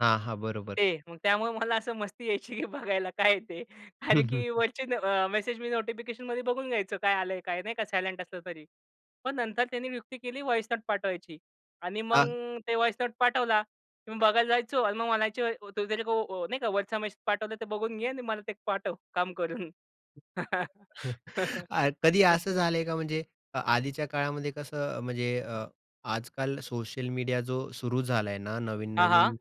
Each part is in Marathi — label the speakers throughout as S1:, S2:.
S1: हां, हां. बरोबर.
S2: ते. मग त्यामुळे मला असं मस्ती यायची की बघायला काय आहे ते?
S1: हं,
S2: कारण
S1: हं,
S2: की
S1: हं.
S2: वरचे अ, मेसेज मी नोटिफिकेशनमध्ये बघून घ्यायचो काय आलंय काय नाही का सायलेंट असलं तरी. पण नंतर त्याने युक्ती केली वॉइस नोट पाठवायची. आणि मग
S1: हां.
S2: अ, ते वॉइस नोट पाठवला, मी बघायला जायचो आणि मग म्हणायचे, वो तेरे को नाही का, व्हॉईस मेसेज आहे पाठवला तर ते बघून घे आणि मला ते पाठव काम करून.
S1: अ, कधी असं झालंय का म्हणजे, अ, आधीच्या काळामध्ये कसं म्हणजे अ, आजकाल सोशल मीडिया जो सुरू झालाय ना,
S2: हां, हां.
S1: नवीन-नवीन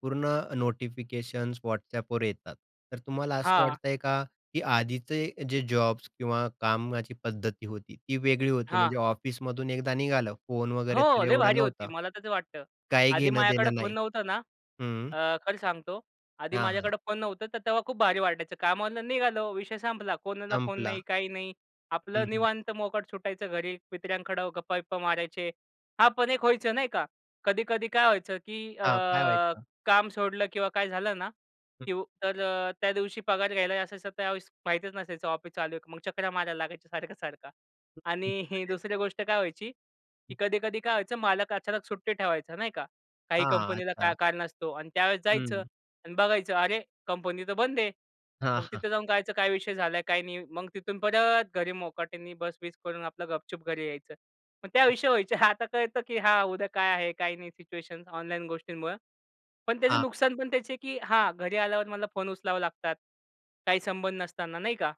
S1: पूर्ण नोटिफिकेशन्स WhatsAppवर येतात. तर तुम्हाला असं
S2: हां.
S1: वाटतंय का? की आधीचे जे जॉब्स किंवा कामाची पद्धती होती, ती वेगळी होती
S2: हां.
S1: म्हणजे ऑफिसमधून एकदा निघालं, फोन वगैरे तर
S2: हो. लय
S1: एवढा
S2: भारी होती,
S1: नव्हता.
S2: मला तर वाटतं.
S1: काय
S2: आधी
S1: घेणं
S2: माझ्याकडं
S1: देणं
S2: फोन
S1: नाही.
S2: नव्हता ना.
S1: हं.
S2: अ, खरं सांगतो. आधी
S1: हां, हां.
S2: माझ्याकडं फोन नव्हतं, तर तेव्हा खूप भारी वाटायचं. कामाला निघालो विषय संपला. कोणाला फोन
S1: संपला.
S2: नाही, काही नाही
S1: हं,
S2: आपलं
S1: हं.
S2: निवांत मोकाट सुटायचं घरी, मित्रांकडं गप्पा-बिप्पा मारायचे.
S1: हं.
S2: हां, पण एक व्हायचं नाही का. कधी-कधी काय व्हायचं, की अ,
S1: हां, काय व्हायचं?
S2: काम सोडलं किंवा काय झालं ना,
S1: हं.
S2: की तर अ, त्या दिवशी पगार घ्यायला असायचं त्यावेळेस माहितीच नसायचं ऑफिस चालू आहे का? मग चकरा मारायला लागायच्या सारखं, सारखं.
S1: हं, हं.
S2: आणि ही
S1: म्हणजे?
S2: दुसरी गोष्ट काय व्हायची,
S1: हं.
S2: की कधी-कधी काय व्हायचं, मालक अचानक सुट्टी ठेवायचा, नाही का. काही
S1: हां.
S2: कंपनीला काय
S1: अच्छा.
S2: कारण असतो आणि त्यावेळेस जायचं
S1: हं.
S2: आणि बघायचं अरे! कंपनी तर बंद आहे.
S1: हां,
S2: मग
S1: हां.
S2: तिथे जाऊन करायचं काय विषय झालाय, काय नाही? मग तिथून परत घरी मोकाटनी बस-बिस करून आपलं गपचूप घरी यायचं. मग त्या विषय व्हायचे. आता कळतं की हा उद्या काय आहे काय नाही सिच्युएशन्स ऑनलाईन गोष्टींमुळं. पण त्याचं
S1: हां.
S2: नुकसान पण त्याचे की हां, घरी आल्यावर मला फोन उचलावा लागतात. काही संबंध नसताना नाही का?